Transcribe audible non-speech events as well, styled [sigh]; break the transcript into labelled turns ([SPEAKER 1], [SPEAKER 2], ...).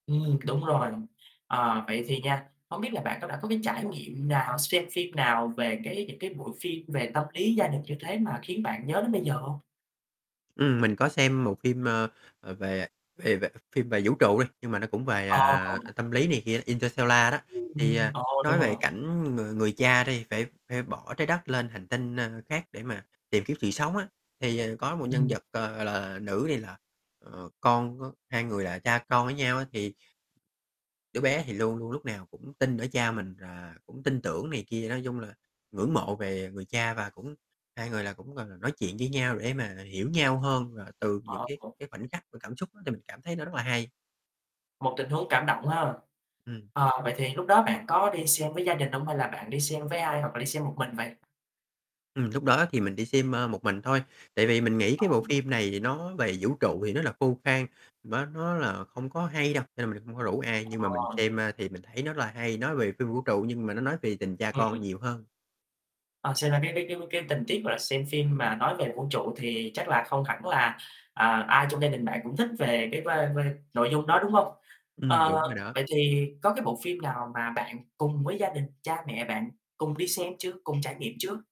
[SPEAKER 1] Ừm, đúng rồi. Ờ, vậy thì nha, hông biết là bạn có đã có cái trải nghiệm nào, xem phim nào về cái những cái bộ phim về tâm lý gia đình như thế, mà khiến bạn nhớ đến bây giờ hông?
[SPEAKER 2] Ừm, mình có xem một phim, ơ, ờ, về về về phim về vũ trụ đi. Nhưng mà nó cũng về,
[SPEAKER 1] Ờ
[SPEAKER 2] à, ờ,
[SPEAKER 1] [unintelligible]
[SPEAKER 2] tâm lý này kia, "Interstellar" đó. Thì,
[SPEAKER 1] Ừm,
[SPEAKER 2] à,
[SPEAKER 1] ờ, đúng
[SPEAKER 2] nói về
[SPEAKER 1] rồi.
[SPEAKER 2] cảnh người người cha đi phải phải bỏ Trái Đất lên hành tinh, ơ, khác để mà tìm kiếm sự sống á. Thì, ờ, có một nhân
[SPEAKER 1] Ừm.
[SPEAKER 2] vật, ờ, gọi là, nữ, thì là, ờ, con của hai người là cha con với nhau á, thì đứa bé thì luôn luôn lúc nào cũng tin ở cha mình và cũng tin tưởng này kia, nói chung là ngưỡng mộ về người cha, và cũng hai người là cũng, gọi là, nói chuyện với nhau để mà hiểu nhau hơn. Và từ những
[SPEAKER 1] Ờ,
[SPEAKER 2] cái
[SPEAKER 1] ừ.
[SPEAKER 2] cái khoảnh khắc và cảm xúc á, thì mình cảm thấy nó rất là hay.
[SPEAKER 1] Một tình huống cảm động quá ha.
[SPEAKER 2] Ừm.
[SPEAKER 1] Ờ, vậy thì lúc đó bạn có đi xem với gia đình hông, hay là bạn đi xem với ai, hoặc là đi xem một mình vậy?
[SPEAKER 2] Ừm, lúc đó thì mình đi xem, a, một mình thôi. Tại vì mình nghĩ
[SPEAKER 1] Ờ.
[SPEAKER 2] cái bộ phim này thì nó về vũ trụ thì nó là khô khan, má nó là không có hay đâu, nên [unintelligible] hông có rủ ai. Nhưng mà mình
[SPEAKER 1] Ờ.
[SPEAKER 2] xem, ơ, thì mình thấy nó là hay, nói về phim vũ trụ nhưng mà nó nói về tình cha con
[SPEAKER 1] Ừm.
[SPEAKER 2] nhiều hơn.
[SPEAKER 1] Ờ, xem ra cái cái cái cái tình tiết, gọi là, xem phim mà nói về vũ trụ thì chắc là không hẳn là, à, ai trong gia đình bạn cũng thích về cái vibe vibe nội dung đó, đúng hông?
[SPEAKER 2] Ừm,
[SPEAKER 1] Ờ,
[SPEAKER 2] đúng rồi đó.
[SPEAKER 1] vậy thì có cái bộ phim nào mà bạn cùng với gia đình, cha mẹ bạn cùng đi xem chưa, cùng trải nghiệm chưa?